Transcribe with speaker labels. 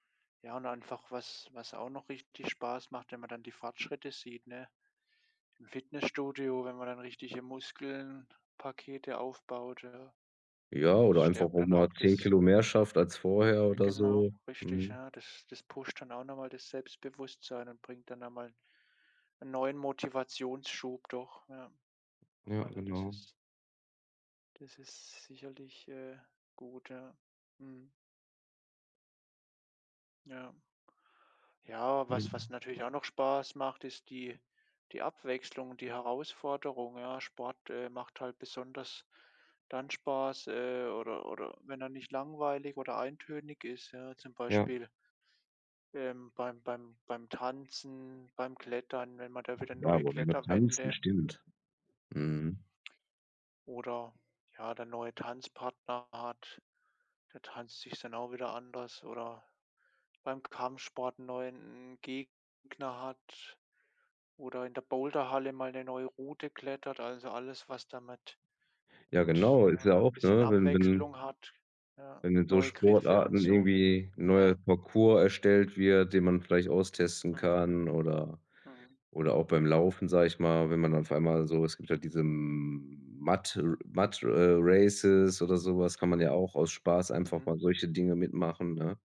Speaker 1: Ja, und einfach was was auch noch richtig Spaß macht, wenn man dann die Fortschritte sieht, ne? Im Fitnessstudio, wenn man dann richtige Muskelpakete aufbaut, ja?
Speaker 2: Ja,
Speaker 1: Das
Speaker 2: oder einfach
Speaker 1: stärkt
Speaker 2: auch
Speaker 1: dann
Speaker 2: mal
Speaker 1: auch
Speaker 2: zehn
Speaker 1: das
Speaker 2: Kilo mehr schafft als vorher
Speaker 1: Äh,
Speaker 2: oder
Speaker 1: genau,
Speaker 2: so,
Speaker 1: richtig.
Speaker 2: mhm.
Speaker 1: Ja, das das pusht dann auch noch mal das Selbstbewusstsein und bringt dann einmal 'n neuen Motivationsschub doch, ja.
Speaker 2: Ja,
Speaker 1: Also, das
Speaker 2: genau.
Speaker 1: ist das ist sicherlich, äh, gut, ja. Mhm. Ja. Ja, was was
Speaker 2: Mhm.
Speaker 1: natürlich auch noch Spaß macht, ist die die Abwechslung, die Herausforderung, ja? Sport, äh, macht halt besonders dann Spaß, äh oder oder wenn er nicht langweilig oder eintönig ist, ja, zum
Speaker 2: Ja.
Speaker 1: Beispiel ähm, beim beim beim Tanzen, beim Klettern, wenn man da wieder
Speaker 2: Ja,
Speaker 1: neue
Speaker 2: oder beim Tanzen
Speaker 1: Kletterwände
Speaker 2: stimmt.
Speaker 1: Mhm.
Speaker 2: Mhm.
Speaker 1: Oder, ja, der neue Tanzpartner hat da tanzt sich es dann auch wieder anders. Oder beim Kampfsport neuen 'n Gegner hat oder in der Boulderhalle mal 'ne neue Route klettert. Also, alles, was damit
Speaker 2: Ja
Speaker 1: mit
Speaker 2: genau, ist
Speaker 1: ja,
Speaker 2: ja auch,
Speaker 1: bisschen
Speaker 2: ne, wenn wenn
Speaker 1: Abwechslung hat, ja,
Speaker 2: wenn in so
Speaker 1: neue Griffe und
Speaker 2: Sportarten
Speaker 1: so,
Speaker 2: irgendwie 'n neuer
Speaker 1: ja.
Speaker 2: Parcours erstellt wird, den man vielleicht austesten
Speaker 1: Mhm.
Speaker 2: kann oder
Speaker 1: Mhm.
Speaker 2: oder auch beim Laufen, sage ich mal, wenn man auf einmal so es gibt halt diese M Mud äh, Mud äh, Races oder so was. Kann man ja auch aus Spaß einfach
Speaker 1: Mhm.
Speaker 2: mal solche Dinge mitmachen, ne?